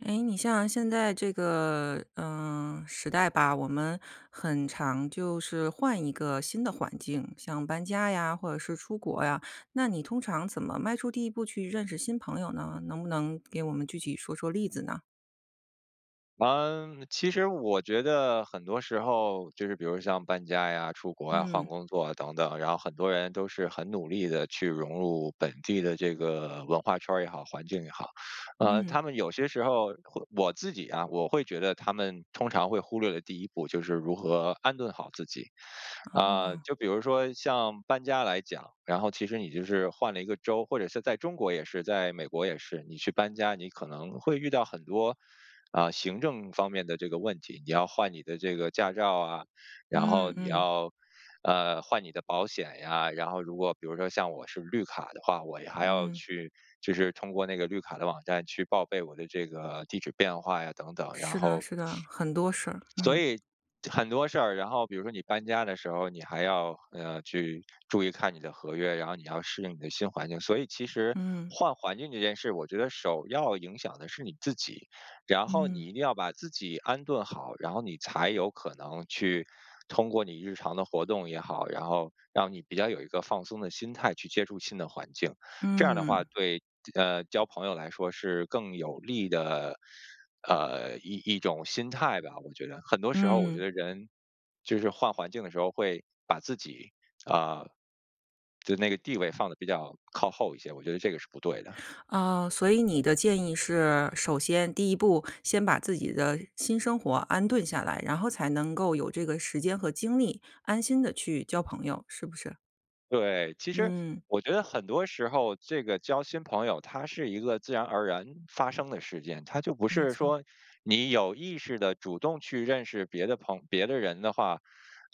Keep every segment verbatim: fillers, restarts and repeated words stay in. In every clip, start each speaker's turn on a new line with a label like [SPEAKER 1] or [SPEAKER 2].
[SPEAKER 1] 诶，你像现在这个，呃，时代吧，我们很常就是换一个新的环境，像搬家呀，或者是出国呀。那你通常怎么迈出第一步去认识新朋友呢？能不能给我们具体说说例子呢？
[SPEAKER 2] 呃，其实我觉得很多时候，就是比如像搬家呀、出国啊、换
[SPEAKER 1] 嗯。
[SPEAKER 2] 工作啊等等，然后很多人都是很努力地去融入本地的这个文化圈儿也好、环境也好。呃，
[SPEAKER 1] 嗯。
[SPEAKER 2] 他们有些时候，会我自己啊我会觉得他们通常会忽略的第一步就是如何安顿好自己。啊，
[SPEAKER 1] 哦。
[SPEAKER 2] 就比如说像搬家来讲，然后其实你就是换了一个州，或者是在中国也是，在美国也是，你去搬家，你可能会遇到很多，啊，行政方面的这个问题。你要换你的这个驾照啊，然
[SPEAKER 1] 嗯
[SPEAKER 2] 后你
[SPEAKER 1] 嗯。
[SPEAKER 2] 要，呃，换你的保险呀，然后如果比如说像我是绿卡的话，我还要
[SPEAKER 1] 嗯。
[SPEAKER 2] 去，就是通过那个绿卡的网站去报备我的这个地址变化呀等等。然
[SPEAKER 1] 是的
[SPEAKER 2] 后
[SPEAKER 1] 是的，很多事儿，嗯。
[SPEAKER 2] 所以很多事儿，然后比如说你搬家的时候，你还要，呃，去注意看你的合约，然后你要适应你的新环境。所以其实
[SPEAKER 1] 嗯。
[SPEAKER 2] 换环境这件事我觉得首要影响的是你自己，然后你
[SPEAKER 1] 嗯。
[SPEAKER 2] 一定要把自己安顿好，然后你才有可能去通过你日常的活动也好，然后让你比较有一个放松的心态去接触新的环境。这样的话，
[SPEAKER 1] 嗯。
[SPEAKER 2] 对，呃，交朋友来说是更有利的，呃，一一种心态吧，我觉得。很多时候我觉
[SPEAKER 1] 嗯。
[SPEAKER 2] 得人就是换环境的时候会把自己，啊，就那个地位放得比较靠后一些，我觉得这个是不对的。
[SPEAKER 1] 呃，所以你的建议是，首先第一步先把自己的新生活安顿下来，然后才能够有这个时间和精力，安心地去交朋友，是不是？
[SPEAKER 2] 对，其实
[SPEAKER 1] 嗯。
[SPEAKER 2] 我觉得很多时候，这个交新朋友，它是一个自然而然发生的事件。它就不
[SPEAKER 1] 没
[SPEAKER 2] 是
[SPEAKER 1] 错儿。
[SPEAKER 2] 说你有意识地主动去认识别的朋别的人的话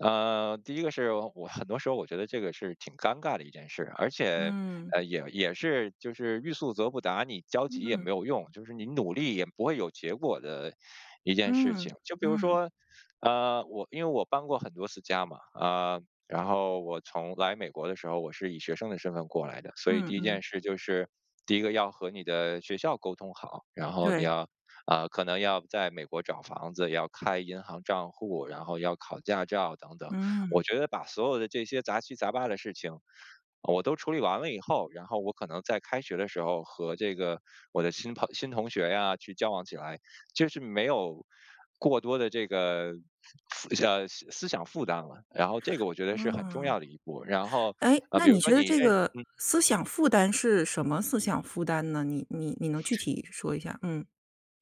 [SPEAKER 2] 呃，第一个是我很多时候我觉得这个是挺尴尬的一件事。而且，
[SPEAKER 1] 嗯。
[SPEAKER 2] 呃，也也是就是欲速则不达，你焦急也
[SPEAKER 1] 嗯。
[SPEAKER 2] 没有用，就是你努力也不会有结果的一件事情。
[SPEAKER 1] 嗯，
[SPEAKER 2] 就比如
[SPEAKER 1] 嗯。
[SPEAKER 2] 说，呃，我因为我搬过很多次家嘛，呃，然后我从来美国的时候，我是以学生的身份过来的。所以
[SPEAKER 1] 嗯
[SPEAKER 2] 第一
[SPEAKER 1] 嗯。
[SPEAKER 2] 件事就是第一个要和你的学校沟通好，然后你
[SPEAKER 1] 对。
[SPEAKER 2] 要啊，可能要在美国找房子、要开银行账户，然后要考驾照等等。我
[SPEAKER 1] 嗯。
[SPEAKER 2] 觉得把所有的这些杂七杂八的事情我都处理完了以后，然后我可能在开学的时候和这个我的新朋新同学呀，去交往起来，就是没有过多的这个思想呃思想负担了，然后这个我觉得是很重
[SPEAKER 1] 嗯。
[SPEAKER 2] 要的一步。然后
[SPEAKER 1] 诶，
[SPEAKER 2] 啊，
[SPEAKER 1] 那
[SPEAKER 2] 比如
[SPEAKER 1] 你
[SPEAKER 2] 说
[SPEAKER 1] 觉得
[SPEAKER 2] 你
[SPEAKER 1] 这
[SPEAKER 2] 认
[SPEAKER 1] 个
[SPEAKER 2] 嗯。
[SPEAKER 1] 思想负担是什么思想负担呢？你你你能具体说一下儿？嗯。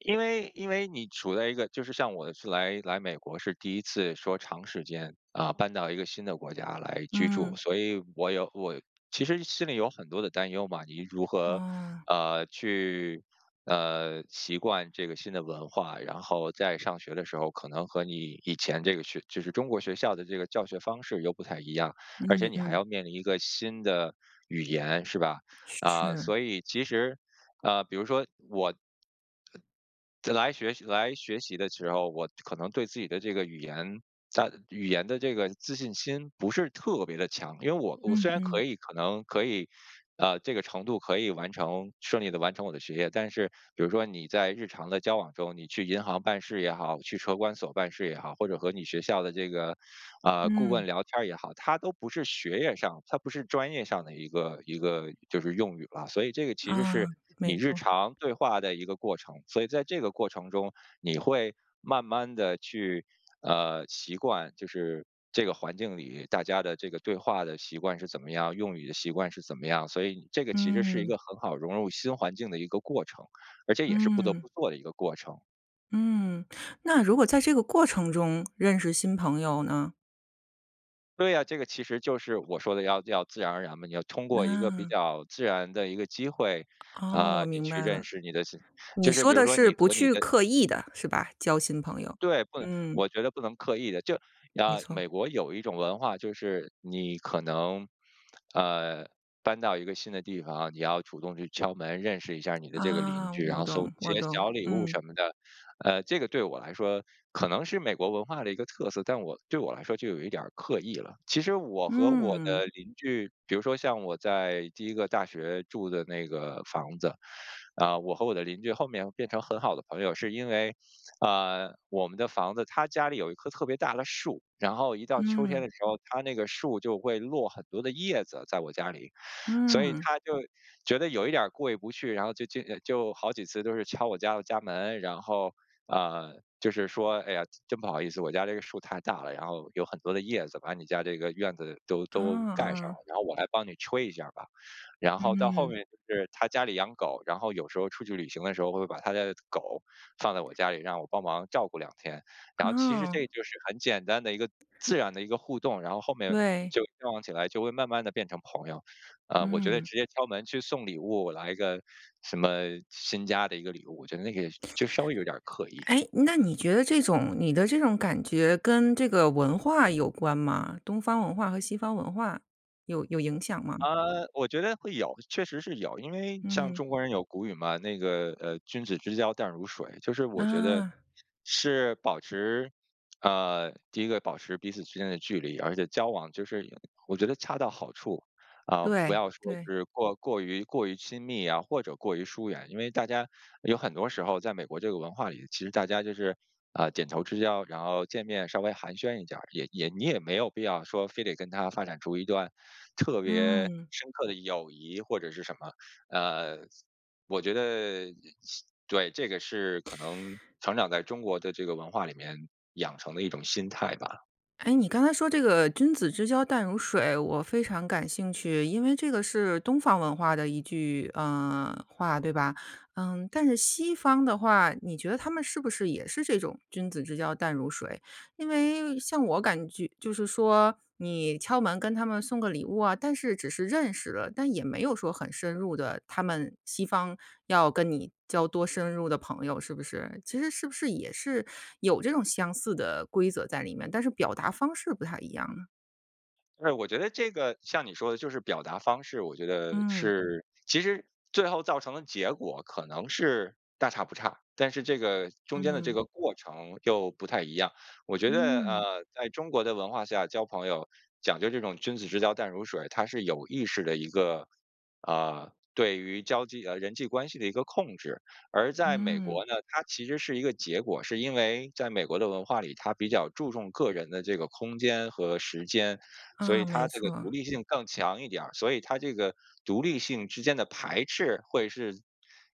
[SPEAKER 2] 因为因为你处在一个就是像我是来来美国是第一次说长时间，啊，搬到一个新的国家来居住，
[SPEAKER 1] 嗯。
[SPEAKER 2] 所以我有我其实心里有很多的担忧嘛。你如何，
[SPEAKER 1] 啊。
[SPEAKER 2] 呃，去，呃，习惯这个新的文化，然后在上学的时候可能和你以前这个学就是中国学校的这个教学方式又不太一样，而且
[SPEAKER 1] 嗯
[SPEAKER 2] 你还
[SPEAKER 1] 嗯。
[SPEAKER 2] 要面临一个新的语言是吧？啊，
[SPEAKER 1] 是。
[SPEAKER 2] 所以其实，呃，比如说我在来学习来学习的时候，我可能对自己的这个语言在语言的这个自信心不是特别地强。因为我我虽
[SPEAKER 1] 嗯
[SPEAKER 2] 然可
[SPEAKER 1] 嗯。
[SPEAKER 2] 以可能可以 呃，这个程度可以完成顺利地完成我的学业，但是比如说你在日常的交往中，你去银行办事也好，去车管所办事也好，或者和你学校的这个，呃，顾问
[SPEAKER 1] 嗯。
[SPEAKER 2] 聊天也好，它都不是学业上，它不是专业上的一个一个就是用语了。所以这个其实是
[SPEAKER 1] 啊，
[SPEAKER 2] 你
[SPEAKER 1] 没
[SPEAKER 2] 日
[SPEAKER 1] 错。
[SPEAKER 2] 常对话的一个过程，所以在这个过程中，你会慢慢地去，呃，习惯就是这个环境里，大家的这个对话的习惯是怎么样，用语的习惯是怎么样。所以这个其实是一
[SPEAKER 1] 嗯。
[SPEAKER 2] 个很好融入新环境的一个过程，而且也是不得不
[SPEAKER 1] 嗯。
[SPEAKER 2] 做的一个过程。
[SPEAKER 1] 嗯，那如果在这个过程中认识新朋友呢？
[SPEAKER 2] 对呀，这个其实就是我说的要要自然而然嘛。你要通过一个比
[SPEAKER 1] 嗯。
[SPEAKER 2] 较自然的一个机会，
[SPEAKER 1] 哦，
[SPEAKER 2] 啊，
[SPEAKER 1] 我
[SPEAKER 2] 你
[SPEAKER 1] 明
[SPEAKER 2] 去
[SPEAKER 1] 白了，
[SPEAKER 2] 认识你的新
[SPEAKER 1] 你
[SPEAKER 2] 就是
[SPEAKER 1] 说
[SPEAKER 2] 比如
[SPEAKER 1] 的
[SPEAKER 2] 说
[SPEAKER 1] 是
[SPEAKER 2] 你
[SPEAKER 1] 不
[SPEAKER 2] 和你
[SPEAKER 1] 去
[SPEAKER 2] 的
[SPEAKER 1] 刻意地，是吧？交新朋友，
[SPEAKER 2] 对，不能
[SPEAKER 1] 嗯。
[SPEAKER 2] 我觉得不能刻意地。就，
[SPEAKER 1] 没
[SPEAKER 2] 呃，
[SPEAKER 1] 错。
[SPEAKER 2] 美国有一种文化就是，你可能，呃，搬到一个新的地方你要主动去敲门认识一下儿你的这个邻
[SPEAKER 1] 啊，
[SPEAKER 2] 居，然
[SPEAKER 1] 我
[SPEAKER 2] 后送
[SPEAKER 1] 懂
[SPEAKER 2] 一
[SPEAKER 1] 我
[SPEAKER 2] 些
[SPEAKER 1] 懂，
[SPEAKER 2] 小礼物
[SPEAKER 1] 嗯。
[SPEAKER 2] 什么的。呃，这个对我来说可能是美国文化的一个特色，但我对我来说就有一点儿刻意了。其实我和我
[SPEAKER 1] 嗯。
[SPEAKER 2] 的邻居，比如说像我在第一个大学住的那个房子，呃，我和我的邻居后面变成很好的朋友是因为，呃，我们的房子他家里有一棵特别大的树，然后一到秋天
[SPEAKER 1] 嗯。
[SPEAKER 2] 的时候，他那个树就会落很多的叶子在我家里，所以
[SPEAKER 1] 嗯。
[SPEAKER 2] 他就觉得有一点儿过意不去，然后就接着就好几次都是敲我家的家门，然后，呃，就是说：“哎呀，真不好意思，我家这个树太大了，然后有很多的叶子把你家这个院子都都
[SPEAKER 1] 嗯
[SPEAKER 2] 盖上了，
[SPEAKER 1] 嗯。
[SPEAKER 2] 然后我来帮你吹一下儿吧。”然后到后
[SPEAKER 1] 嗯。
[SPEAKER 2] 面就是他家里养狗，然后有时候出去旅行的时候，会把他的狗放在我家里，让我帮忙照顾两天。然后其实
[SPEAKER 1] 哦。
[SPEAKER 2] 这就是很简单的一个自然的一个互动，然后后面
[SPEAKER 1] 对。
[SPEAKER 2] 就交往起来就会慢慢地变成朋友。呃，我觉得
[SPEAKER 1] 嗯。
[SPEAKER 2] 直接敲门去送礼物，来个什么新家的一个礼物，我觉得那个就稍微有点儿刻意。
[SPEAKER 1] 哎，那你觉得这种你的这种感觉跟这个文化有关吗？东方文化和西方文化有有影响吗？
[SPEAKER 2] 呃，我觉得会有，确实是有。因为像
[SPEAKER 1] 嗯。
[SPEAKER 2] 中国人有古语嘛，那个，呃，君子之交淡如水，就是我觉得
[SPEAKER 1] 啊。
[SPEAKER 2] 是保持呃，第一个保持彼此之间的距离，而且交往就是我觉得恰到好处，啊，不
[SPEAKER 1] 对
[SPEAKER 2] 要说
[SPEAKER 1] 对。
[SPEAKER 2] 是过过于过于亲密呀或者过于疏远。因为大家有很多时候，在美国这个文化里，其实大家就是，呃，点头之交，然后见面稍微寒暄一点儿，也也你也没有必要说非得跟他发展出一段特别
[SPEAKER 1] 嗯。
[SPEAKER 2] 深刻的友谊或者是什么。呃，我觉得对，这个是，可能成长在中国的这个文化里面养成的一种心态吧。
[SPEAKER 1] 诶，你刚才说这个“君子之交淡如水”，我非常感兴趣，因为这个是东方文化的一句，呃，话，对吧？嗯，但是西方的话，你觉得他们是不是也是这种“君子之交淡如水”？因为像我感觉，就是说，你敲门跟他们送个礼物啊，但是只是认识了，但也没有说很深入的，他们西方要跟你交多深入的朋友是不是？其实是不是也是有这种相似的规则在里面，但是表达方式不太一样呢？
[SPEAKER 2] 哎，我觉得这个像你说的，就是表达方式，我觉得
[SPEAKER 1] 嗯。
[SPEAKER 2] 是其实最后造成的结果可能是大差不差，但是这个中间的这
[SPEAKER 1] 嗯。
[SPEAKER 2] 个过程又不太一样。我觉得，
[SPEAKER 1] 嗯。
[SPEAKER 2] 呃，在中国的文化下交朋友，讲究这种君子之交淡如水，它是有意识的一个，啊，对于交际呃，人际关系的一个控制。而在美
[SPEAKER 1] 嗯。
[SPEAKER 2] 国呢，它其实是一个结果。是因为在美国的文化里，他比较注重个人的这个空间和时间，所
[SPEAKER 1] 啊，
[SPEAKER 2] 以
[SPEAKER 1] 没
[SPEAKER 2] 他这个
[SPEAKER 1] 错。
[SPEAKER 2] 独立性更强一点儿。所以他这个独立性之间的排斥会是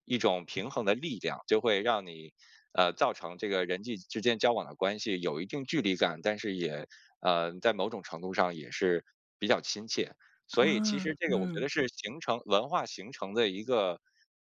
[SPEAKER 2] 一种平衡的力量，就会让你呃，造成这个人际之间交往的关系有一定距离感，但是也呃，在某种程度上也是比较亲切。所以其实
[SPEAKER 1] 嗯，
[SPEAKER 2] 这个我觉得
[SPEAKER 1] 嗯。
[SPEAKER 2] 是形成文化形成的一个，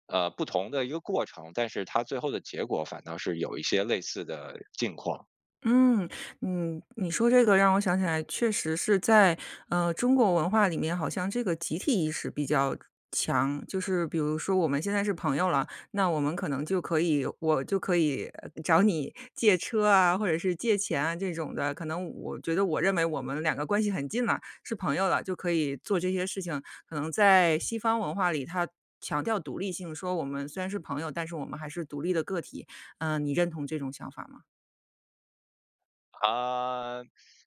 [SPEAKER 2] 呃，不同的一个过程，但是它最后的结果反倒是有一些类似的境况。
[SPEAKER 1] 嗯，嗯，你说这个让我想起来确实是在，呃，中国文化里面好像这个集体意识比较强。就是比如说我们现在是朋友了，那我们可能就可以我就可以，呃，找你借车啊、或者是借钱啊这种的。可能我觉得我认为我们两个关系很近了，是朋友了，就可以做这些事情。可能在西方文化里，它强调独立性，说我们虽然是朋友，但是我们还是独立的个体。呃，你认同这种想法吗？
[SPEAKER 2] 啊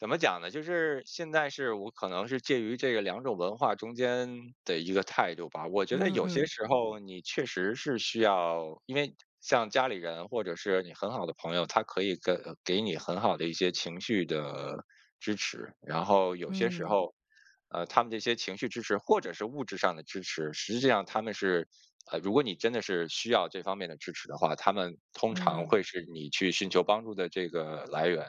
[SPEAKER 2] 怎么讲呢？就是现在是我可能是介于这个两种文化中间的一个态度吧。我觉得
[SPEAKER 1] 嗯
[SPEAKER 2] 有些
[SPEAKER 1] 嗯。
[SPEAKER 2] 时候，你确实是需要因为像家里人或者是你很好的朋友，他可以跟呃，给你很好的一些情绪的支持。然后有些时
[SPEAKER 1] 嗯。
[SPEAKER 2] 候，呃，他们这些情绪支持或者是物质上的支持，实际上，他们是呃，如果你真的是需要这方面的支持的话，他们通常
[SPEAKER 1] 嗯。
[SPEAKER 2] 会是你去寻求帮助的这个来源。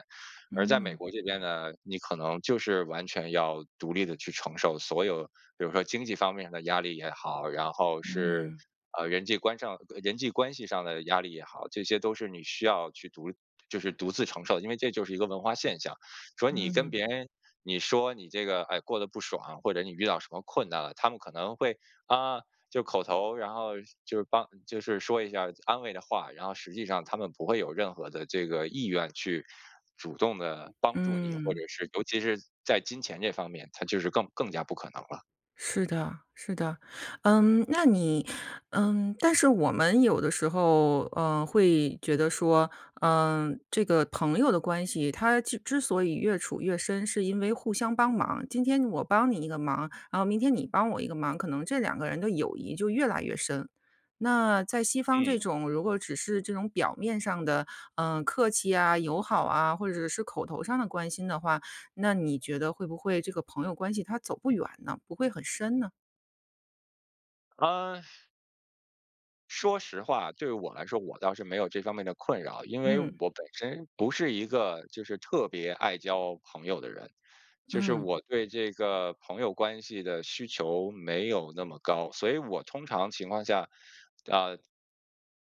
[SPEAKER 2] 而在美
[SPEAKER 1] 嗯。
[SPEAKER 2] 国这边呢，你可能就是完全要独立地去承受所有比如说经济方面的压力也好，然后是，
[SPEAKER 1] 嗯。
[SPEAKER 2] 呃，人际关上呃，人际关系上的压力也好，这些都是你需要去独立就是独自承受，因为这就是一个文化现象。所以你跟
[SPEAKER 1] 嗯。
[SPEAKER 2] 别人，你说你这个，诶，过得不爽，或者你遇到什么困难了，他们可能会：“啊！”就口头，然后是就是帮就是说一下安慰的话。然后实际上，他们不会有任何的这个意愿去主动地帮助你，或者
[SPEAKER 1] 嗯。
[SPEAKER 2] 是尤其是在金钱这方面，他就是更更加不可能了。
[SPEAKER 1] 是的，是的。嗯，那你嗯，但是我们有的时候，呃，会觉得说，呃，这个朋友的关系它记之所以越处越深，是因为互相帮忙儿。今天我帮你一个忙，然后明天你帮我一个忙，可能这两个人的友谊就越来越深。那在西方
[SPEAKER 2] 嗯。
[SPEAKER 1] 这种，如果只是这种表面上的，呃，客气啊、友好啊，或者是口头上的关心的话，那你觉得会不会这个朋友关系它走不远呢？不会很深呢？
[SPEAKER 2] 呃说实话，对我来说，我倒是没有这方面的困扰。因为
[SPEAKER 1] 嗯。
[SPEAKER 2] 我本身不是一个就是特别爱交朋友的人，就是
[SPEAKER 1] 嗯。
[SPEAKER 2] 我对这个朋友关系的需求没有那么高。所以我通常情况下，呃，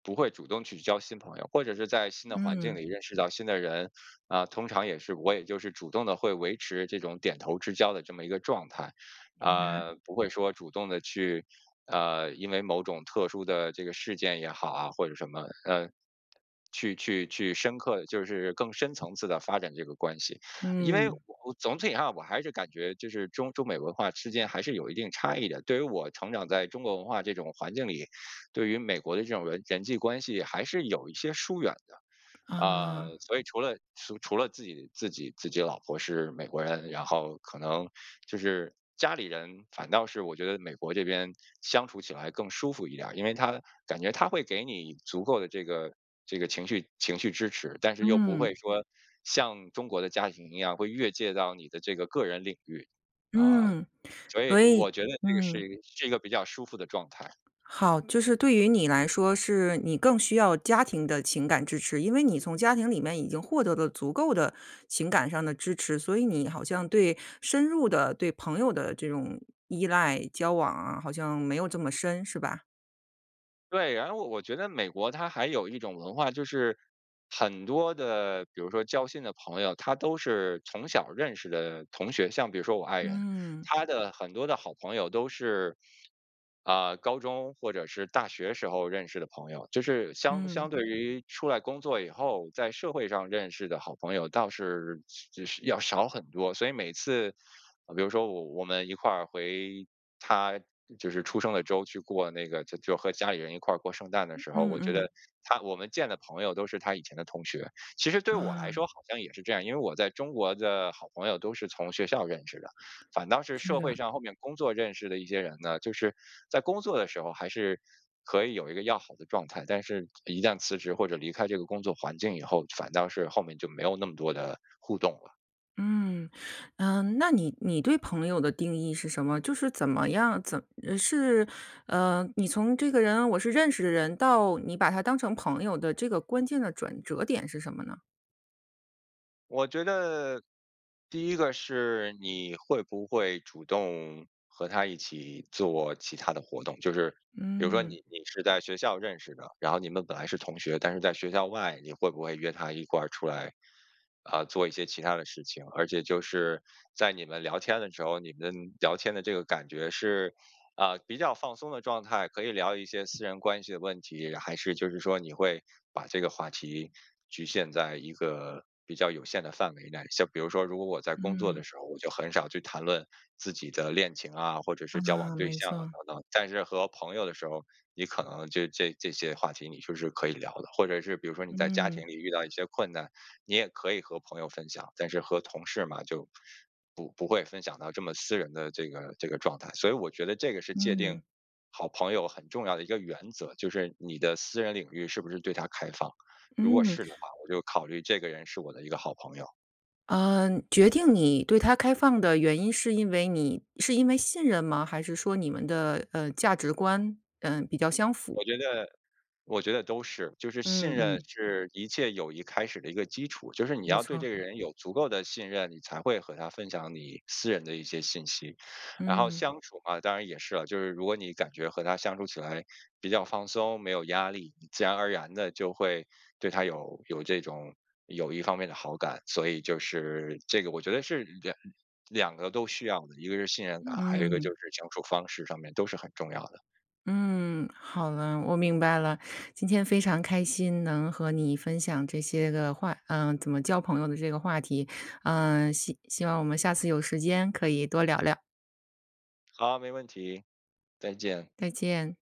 [SPEAKER 2] 不会主动去交新朋友。或者是在新的环境
[SPEAKER 1] 嗯。
[SPEAKER 2] 里认识到新的人，呃，通常也是我也就是主动的会维持这种点头之交的这么一个状态。
[SPEAKER 1] 应该。
[SPEAKER 2] 呃，不会说主动地去，呃，因为某种特殊的这个事件也好啊，或者什么，呃，去去去深刻就是更深层次地发展这个关系。因为
[SPEAKER 1] 嗯。
[SPEAKER 2] 我总体上，我还是感觉就是中中美文化之间还是有一定差异的，对于我成长在中国文化这种环境里，对于美国的这种人人际关系还是有一些疏远的。呃，
[SPEAKER 1] 啊。
[SPEAKER 2] 所以除了除除了自己自己自己老婆是美国人，然后可能就是家里人反倒是我觉得美国这边相处起来更舒服一点儿。因为他感觉他会给你以足够的这个这个情绪情绪支持，但是又不
[SPEAKER 1] 嗯。
[SPEAKER 2] 会说像中国的家庭一样，会越界到你的这个个人领域。啊，
[SPEAKER 1] 嗯，
[SPEAKER 2] 所以
[SPEAKER 1] 所以
[SPEAKER 2] 我觉得这个是
[SPEAKER 1] 嗯。
[SPEAKER 2] 一个是一个比较舒服的状态。
[SPEAKER 1] 好，就是对于你来说，是你更需要家庭的情感支持，因为你从家庭里面已经获得的足够的情感上的支持，所以你好像对深入的对朋友的这种依赖交往啊，好像没有这么深是吧？
[SPEAKER 2] 对，然后我我觉得美国它还有一种文化，就是很多的比如说交心的朋友，他都是从小认识的同学，像比如说我爱人。
[SPEAKER 1] 嗯。
[SPEAKER 2] 她的很多的好朋友都是，啊，高中或者是大学时候认识的朋友，就是相相
[SPEAKER 1] 嗯。
[SPEAKER 2] 对于出来工作以后，在社会上认识的好朋友倒是是就是要少很多。所以每次，比如说我我们一块儿回她就是出生的州去过那个就就和家里人一块儿过圣诞的时候，我
[SPEAKER 1] 嗯
[SPEAKER 2] 觉得
[SPEAKER 1] 嗯。
[SPEAKER 2] 她我们见的朋友都是她以前的同学。其实对我来
[SPEAKER 1] 啊。
[SPEAKER 2] 说好像也是这样，因为我在中国的好朋友都是从学校认识的，反倒是
[SPEAKER 1] 是
[SPEAKER 2] 社会
[SPEAKER 1] 呀。
[SPEAKER 2] 上后面工作认识的一些人呢，就是在工作的时候还是可以有一个要好的状态，但是一旦辞职或者离开这个工作环境以后，反倒是后面就没有那么多的互动了。
[SPEAKER 1] 嗯。嗯，那你你对朋友的定义是什么？就是怎么样，怎是，呃，你从这个人我是认识的人，到你把他当成朋友的这个关键的转折点是什么呢？
[SPEAKER 2] 我觉得，第一个是，你会不会主动和他一起做其他的活动。就是，比如说你
[SPEAKER 1] 嗯。
[SPEAKER 2] 你是在学校认识的，然后你们本来是同学，但是在学校外，你会不会约他一块儿出来，呃，做一些其他的事情。而且就是在你们聊天的时候，你们聊天的这个感觉是，呃，比较放松的状态，可以聊一些私人关系的问题？然还是就是说你会把这个话题局限在一个比较有限的范围内？像比如说如果我在工作的
[SPEAKER 1] 嗯。
[SPEAKER 2] 时候，我就很少去谈论自己的恋情啊、或者是交往
[SPEAKER 1] 啊，
[SPEAKER 2] 对
[SPEAKER 1] 没
[SPEAKER 2] 象啊
[SPEAKER 1] 错。
[SPEAKER 2] 等等。但是和朋友的时候，你可能就这这些话题你就是可以聊的。或者是比如说你在家
[SPEAKER 1] 嗯。
[SPEAKER 2] 庭里遇到一些困难，你也可以和朋友分享，但是和同事嘛，就不不会分享到这么私人的这个这个状态。所以我觉得这个是界定
[SPEAKER 1] 嗯。
[SPEAKER 2] 好朋友很重要的一个原则，就是你的私人领域是不是对他开放。如果
[SPEAKER 1] 嗯。
[SPEAKER 2] 是的话，我就考虑这个人是我的一个好朋友。
[SPEAKER 1] 呃，决定你对他开放的原因是因为你是因为信任吗？还是说你们的，呃，价值观，呃，比较相符？
[SPEAKER 2] 我觉得我觉得都是。就是信
[SPEAKER 1] 嗯
[SPEAKER 2] 任
[SPEAKER 1] 嗯。
[SPEAKER 2] 是一切友谊开始的一个基础，就是你
[SPEAKER 1] 没
[SPEAKER 2] 要对
[SPEAKER 1] 错。
[SPEAKER 2] 这个人有足够的信任，你才会和他分享你私人的一些信息。然后
[SPEAKER 1] 嗯。
[SPEAKER 2] 相处嘛，当然也是了，就是如果你感觉和他相处起来比较放松、没有压力，你自然而然地就会对他有有这种友谊方面的好感。所以就是，这个我觉得是两两个都需要的，一个是信任感，还有一个就
[SPEAKER 1] 嗯。
[SPEAKER 2] 是相处方式上面都是很重要的。
[SPEAKER 1] 嗯，好了，我明白了。今天非常开心能和你分享这些个话呃，怎么交朋友的这个话题。呃，希希望我们下次有时间可以多聊聊。
[SPEAKER 2] 好，没问题。再见。
[SPEAKER 1] 再见。